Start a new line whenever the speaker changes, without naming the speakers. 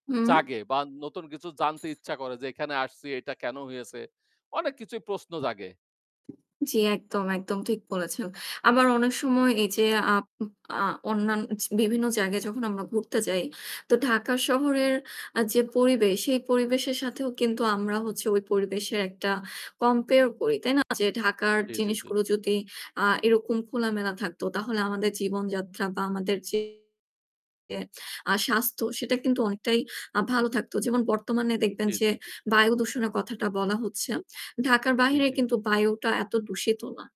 হুম।
জাগে বা নতুন কিছু জানতে ইচ্ছা করে যে এখানে আসছি এটা কেন হয়েছে? অনেক কিছুই প্রশ্ন জাগে।
জি, একদম, একদম। ঠিক বলেছেন। আবার অনেক সময় এই যে আপ আ অন্যান বিভিন্ন জায়গায় যখন আমরা ঘুরতে যাই তো ঢাকা শহরের আ যে পরিবেশ সেই পরিবেশের সাথেও কিন্তু আমরা হচ্ছে ওই পরিবেশের একটা কম্পেয়ার করি, তাই না? যে ঢাকার
জি, জি, জি,
জিনিসগুলো
জি।
যদি আ এরকম খোলামেলা থাকতো তাহলে আমাদের জীবনযাত্রা বা আমাদের যে আ স্বাস্থ্য সেটা কিন্তু অনেকটাই আ ভালো থাকতো। যেমন বর্তমানে দেখবেন
জি,
যে
জি, জি।
বায়ুদূষণের কথাটা বলা হচ্ছে। ঢাকার
জি,
বাহিরে
জি, জি।
কিন্তু বায়ুটা এত দূষিত না।